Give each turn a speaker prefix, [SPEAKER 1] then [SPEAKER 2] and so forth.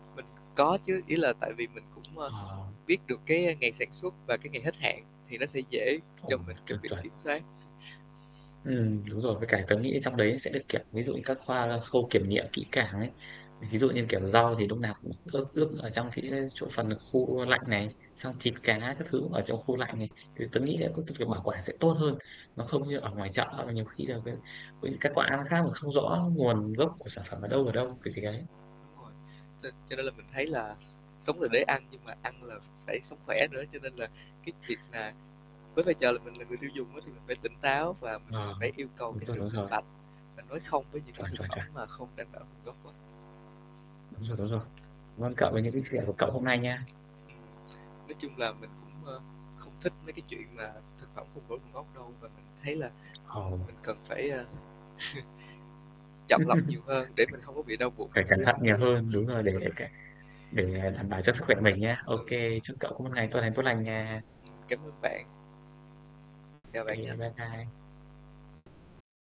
[SPEAKER 1] Mình có chứ. Ý là tại vì mình cũng, ơ,
[SPEAKER 2] Ờ.
[SPEAKER 1] biết được cái ngày sản xuất và cái ngày hết hạn thì nó sẽ dễ cho
[SPEAKER 2] Ừm,
[SPEAKER 1] mình trong
[SPEAKER 2] chuẩn,
[SPEAKER 1] việc
[SPEAKER 2] chuẩn.
[SPEAKER 1] kiểm soát.
[SPEAKER 2] Ừm, đúng rồi. Với cả tớ nghĩ ở trong đấy sẽ được, kiểu, ví dụ như các khoa khâu kiểm nghiệm kỹ càng ấy. Thì ví dụ như, kiểu, rau thì lúc nào cũng ướp ướp ở trong cái chỗ phần khu lạnh này, xong thịt cá các thứ ở trong khu lạnh này, thì tớ nghĩ sẽ có cái việc bảo quản sẽ tốt hơn. Nó không như ở ngoài chợ là nhiều khi là cái, ôi, kết quả nó khác mà không rõ nguồn gốc của sản phẩm ở đâu, ở đâu. [unintelligible]
[SPEAKER 1] Đúng rồi. Cho cho nên là mình thấy là sống là để ăn, nhưng mà ăn là phải sống khỏe nữa. Cho nên là cái việc nà với vai trò là mình là người tiêu dùng á thì mình phải tỉnh táo, và mình
[SPEAKER 2] Ờ,
[SPEAKER 1] phải yêu cầu
[SPEAKER 2] đúng
[SPEAKER 1] cái
[SPEAKER 2] rồi,
[SPEAKER 1] sự
[SPEAKER 2] đúng
[SPEAKER 1] minh
[SPEAKER 2] rồi.
[SPEAKER 1] bạch, mình nói không với những cái
[SPEAKER 2] Chuẩn,
[SPEAKER 1] thực
[SPEAKER 2] chuẩn,
[SPEAKER 1] phẩm
[SPEAKER 2] chuẩn!
[SPEAKER 1] mà không đảm bảo nguồn gốc á.
[SPEAKER 2] Đúng rồi, đúng rồi. Cảm ơn cậu về những cái chia sẻ của cậu hôm nay nha.
[SPEAKER 1] Nói chung là mình cũng, ơ, không thích mấy cái chuyện mà thực phẩm không rõ nguồn gốc đâu. Và mình thấy là,
[SPEAKER 2] Ờ.
[SPEAKER 1] ừm, mình cần phải, a, chọn lọc nhiều hơn để mình không có bị đau bụng
[SPEAKER 2] Phải cẩn
[SPEAKER 1] như
[SPEAKER 2] thận
[SPEAKER 1] hôm
[SPEAKER 2] nhiều
[SPEAKER 1] nay.
[SPEAKER 2] hơn, đúng rồi, để cái để đảm bảo cho sức khỏe của mình nhá. Ô
[SPEAKER 1] Ừ.
[SPEAKER 2] kê, chúc cậu có một ngày tốt lành, tốt lành nha.
[SPEAKER 1] Cảm ơn bạn. Chào bạn
[SPEAKER 2] Kê,
[SPEAKER 1] nha.
[SPEAKER 2] bye bye.